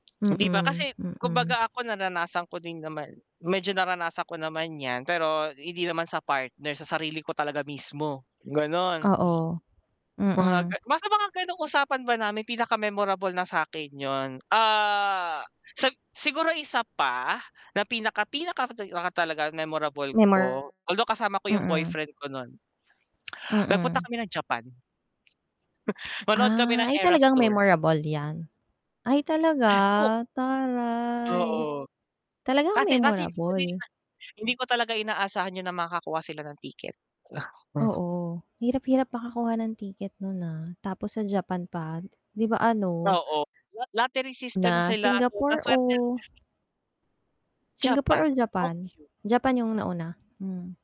Hindi ba? Mm, Kasi mm. kumbaga ako naranasan ko din naman, medyo naranasan ko naman yan pero hindi naman sa partner, sa sarili ko talaga mismo, ganon. Oo, Mga ga mm. nasa mga ganong usapan ba namin pinaka-memorable na sa'kin yun, ah, sa siguro isa pa na pinaka pinaka ka talaga memorable ko, Memor although kasama ko yung mm. boyfriend ko nun. Nagpunta Mm. kami ng Japan. Manood kami Ah ng ay Eras talagang tour. memorable yan. Ay talaga O taray. Oo. Talagang Kasi kasi hindi ko din memorable. na hindi ko talaga inaasahan yun na makakuha sila ng ticket. Aha. Oo. Hirap hirap makakuha ng ticket nun, ha, tapos sa Japan pa, 'di ba? Ano Oo. La lottery system Na sila ano, na Singapore swerte o? Japan, Singapore or Japan? [unintelligible] Japan yung nauna? Mm.